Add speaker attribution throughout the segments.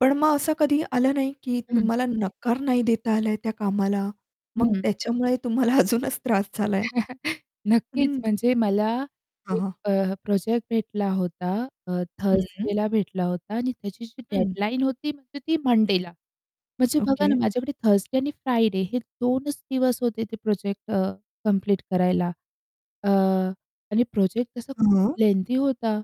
Speaker 1: पण मग असं कधी आलं नाही, की
Speaker 2: [unintelligible]
Speaker 1: तुम्हाला नकार नाही देता आलाय त्या कामाला, मग
Speaker 2: हं.
Speaker 1: त्याच्यामुळे तुम्हाला अजूनच त्रास झालाय?
Speaker 2: नक्कीच.
Speaker 1: हं.
Speaker 2: म्हणजे मला
Speaker 1: हं,
Speaker 2: 1
Speaker 1: हं.
Speaker 2: अ, प्रोजेक्ट भेटला होता अ,
Speaker 1: हं.
Speaker 2: थर्सडेला भेटला होता आणि त्याची जी
Speaker 1: हं.
Speaker 2: डेडलाईन होती म्हणजे ती मंडेला. म्हणजे बघा ना,
Speaker 1: ओके.
Speaker 2: माझ्याकडे थर्सडे आणि फ्रायडे हे 2 च दिवस होते ते प्रोजेक्ट अ, कंप्लीट करायला. अ, आणि प्रोजेक्ट तसा खूप
Speaker 1: हं.
Speaker 2: लेंदी होता.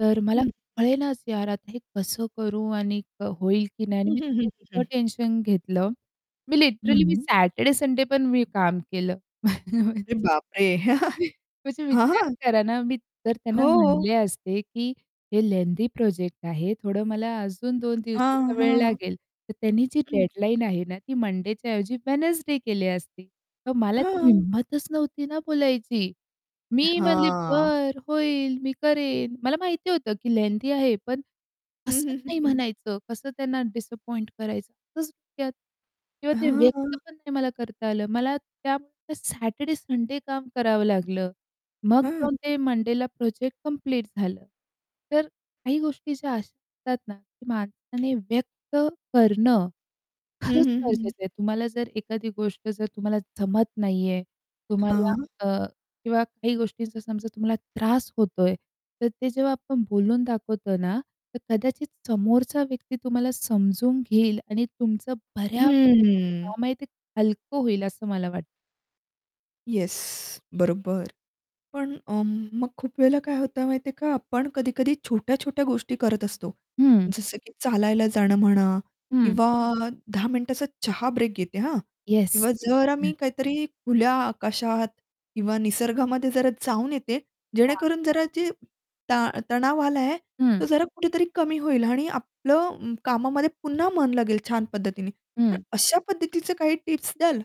Speaker 2: तर मला
Speaker 1: हं.
Speaker 2: कळेनाच यार, आता हे कसं करू आणि अ, होईल की नाही? आणि
Speaker 1: हं,
Speaker 2: मी
Speaker 1: हं,
Speaker 2: ते
Speaker 1: हं, हं,
Speaker 2: इतकं
Speaker 1: हं.
Speaker 2: टेन्शन घेतलं. मी
Speaker 1: हं,
Speaker 2: लिटरली मी
Speaker 1: हं.
Speaker 2: सॅटरडे, संडे पण मी काम केलं.
Speaker 1: अरे बापरे!
Speaker 2: म्हणजे
Speaker 1: हां,
Speaker 2: विचार
Speaker 1: हां.
Speaker 2: करा ना, मी जर त्यांना
Speaker 1: हो.
Speaker 2: म्हटले असते, की "हे लेंदी प्रोजेक्ट आहे. थोडं मला अजून 2
Speaker 1: हां,
Speaker 2: दिवसाचा वेळ
Speaker 1: हां.
Speaker 2: लागेल." तर त्यांनी जी
Speaker 1: [unintelligible]
Speaker 2: डेडलाईन आहे ना ती मंडेच्या ऐवजी वेडनेसडे केली असती तर मला ती
Speaker 1: हां.
Speaker 2: हिंमतच नव्हती ना बोलायची. मी म्हणले,
Speaker 1: हां.
Speaker 2: "बरं, होईल. मी करेन." मला माहिती होतं की लेंदी आहे, पण
Speaker 1: हं,
Speaker 2: कसं
Speaker 1: हं, हं,
Speaker 2: नाही
Speaker 1: हं.
Speaker 2: म्हणायचं, कसं त्यांना डिसअपॉइंट करायचं. [unintelligible] किंवा ते
Speaker 1: हां,
Speaker 2: व्यक्त
Speaker 1: हां.
Speaker 2: पण नाही मला करता आलं. मला त्यामुळे सॅटरडे-संडे काम करावं लागलं. मग
Speaker 1: हं.
Speaker 2: जाऊन ते मंडेला प्रोजेक्ट कंप्लीट झालं. तर काही गोष्टी ज्या अशा असतात ना, की माणसाने व्यक्त करणं
Speaker 1: हं,
Speaker 2: खरंच
Speaker 1: हं, हं.
Speaker 2: गरजेचं आहे. तुम्हाला जर एखादी गोष्ट जर तुम्हाला जमत नाहीये तुम्हाला
Speaker 1: हां.
Speaker 2: अ, किंवा काही गोष्टींचा समजा तुम्हाला त्रास होतोय. तर ते जेव्हा आपण बोलून दाखवतो ना, तर कदाचित समोरचा व्यक्ती तुम्हाला समजून घेईल आणि तुमचं बऱ्यापैकी
Speaker 1: हं,
Speaker 2: जे
Speaker 1: हं.
Speaker 2: काम आहे ते हलकं होईल असं मला वाटतं.
Speaker 1: येस, बरोबर. पण अ, मग खूप वेळेला काय होतं माहिती आहे का, आपण कधी-कधी छोट्या-छोट्या गोष्टी करत असतो.
Speaker 2: हं.
Speaker 1: जसं की चालायला जाणं म्हणा
Speaker 2: हं.
Speaker 1: किंवा 10 मिनिटाचा चहा ब्रेक घेते हा.
Speaker 2: येस.
Speaker 1: किंवा जरा मी
Speaker 2: हं.
Speaker 1: काहीतरी खुल्या आकाशात किंवा निसर्गामध्ये जरा जाऊन येते,
Speaker 2: हां.
Speaker 1: जेणेकरून जरा जी ता तणाव आला आहे. तो
Speaker 2: हं.
Speaker 1: जरा कुठेतरी कमी होईल आणि आपलं अं, कामामध्ये पुन्हा मन लागेल छान पद्धतीने. तर
Speaker 2: हं.
Speaker 1: अशा पद्धतीचे काही टिप्स द्याल?